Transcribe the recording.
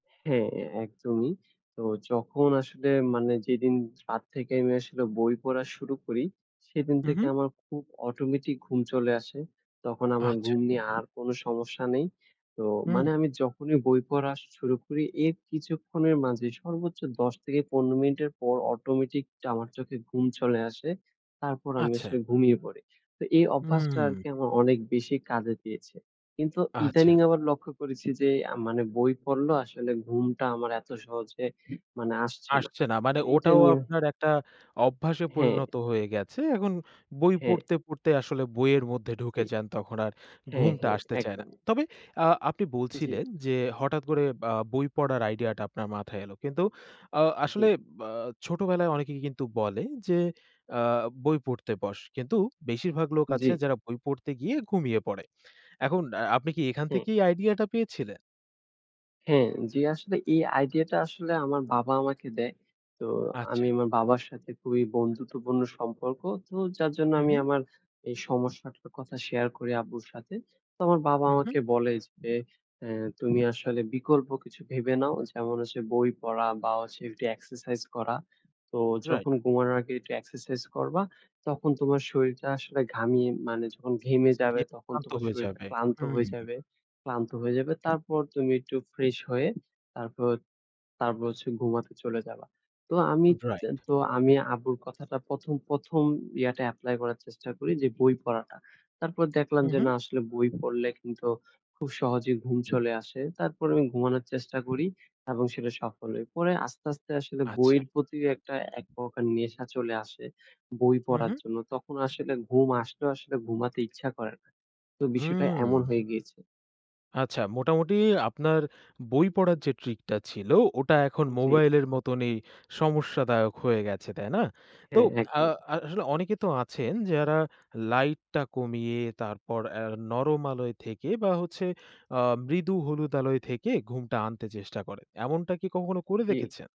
হ্যাঁ, একদমই। তো যখন আসলে মানে যেদিন রাত থেকে আমি আসলে বই পড়া শুরু করি, সেদিন হুম, থেকে হুম। আমার খুব অটোমেটিক ঘুম চলে আসে। তখন আমার আচ্ছা। ঘুম নিয়ে আর কোন সমস্যা নেই। তো হুম। মানে আমি যখনই বই পড়া শুরু করি এর কিছুক্ষণের মাঝে সর্বোচ্চ ১০ থেকে ১৫ মিনিটের পর অটোমেটিক আমার চোখে ঘুম চলে আসে। তারপর আমি আচ্ছা। আসলে ঘুমিয়ে পড়ি। তো এই অভ্যাসটা হুম। আরকি আমার অনেক বেশি কাজে দিয়েছে। কিন্তু ইদানিং আচ্ছা। আবার লক্ষ্য করেছি যে, আ মানে বই পড়লেও আসলে ঘুমটা আমার এত সহজে মানে আসছে না আসছে না মানে এইটা ওটাও নিয়ে আপনার একটা অভ্যাসে হুম। পরিণত হয়ে গেছে। এখন বই হুম। পড়তে, পড়তে আসলে বইয়ের মধ্যে জি, ঢুকে যান, তখন আর হুম, ঘুমটা হুম, আসতে চায় না। একদমই। তবে আ আপনি জি। বলছিলেন যে হঠাৎ করে আ বই পড়ার আইডিয়াটা আপনার মাথায় এলো। কিন্তু আ আসলে জি। বা ছোটবেলায় অনেকে কিন্তু বলে যে, আ বই পড়তে বস, কিন্তু বেশিরভাগ লোক আছে জি। যারা বই পড়তে গিয়ে ঘুমিয়ে পড়ে। এখন আ আপনি কি এখান হুম। থেকেই আইডিয়াটা পেয়েছিলেন? হ্যাঁ, জি আসলে এই আইডিয়াটা আসলে আমার বাবা আমাকে দেয়। তো আচ্ছা। আমি আমার বাবার সাথে খুবই বন্ধুত্বপূর্ণ সম্পর্ক। তো যার জন্য হুম, আমি হুম। আমার এই সমস্যাটার কথা শেয়ার করি আব্বুর সাথে। তো আমার বাবা হুম, হুম। আমাকে বলে যে, এ তুমি আসলে বিকল্প কিছু ভেবে নাও, যেমন হচ্ছে বই পড়া বা হচ্ছে একটু এক্সারসাইজ করা। তো রাইট। যখন ঘুমানোর আগে একটু এক্সারসাইজ করবা, তখন তোমার শরীরটা আসলে ঘামিয়ে মানে যখন ঘেমে যাবে, [unintelligible] তখন শান্ত তোমার হয়ে শরীরটা যাবে। ক্লান্ত হয়ে যাবে, ক্লান্ত হয়ে যাবে। তারপর তুমি একটু ফ্রেশ হয়ে তারপর, তারপর হচ্ছে ঘুমাতে চলে যাবা। তো আমি তে রাইট। তো আমি আব্বুর কথাটা প্রথম, প্রথম ইয়াটা এপ্লাই করার চেষ্টা করি যে, বই পড়াটা। তারপর দেখলাম হুম, যে হুম। না, আসলে বই পড়লে কিন্তু খুব সহজেই ঘুম চলে আসে। তারপর আমি ঘুমানোর চেষ্টা করি এবং সেটা সফল হয়। পরে আস্তে, আস্তে আসলে আচ্ছা। বইয়ের প্রতি একটা একপ্রকার নেশা চলে আসে বই হুম, পড়ার হুম। জন্য। তখন আসলে ঘুম আসলেও আসলে ঘুমাতে ইচ্ছা করে না। তো বিষয়টা এমন হুম। হয়ে গিয়েছে। আচ্ছা মোটামুটি আপনার বই পড়ার যে ট্রিকটা ছিল, ওটা এখন জি। মোবাইলের মতনই সমস্যাদায়ক হয়ে গেছে, তাই না? তো হ্যাঁ, আ একদমই। আসলে অনেকে তো আছেন যারা লাইটটা কমিয়ে তারপর আ নরম আলোয় থেকে বা হচ্ছে আ মৃদু হলুদ আলোয় থেকে ঘুমটা আনতে চেষ্টা করে, এমনটা কি কখনো করে জি। দেখেছেন?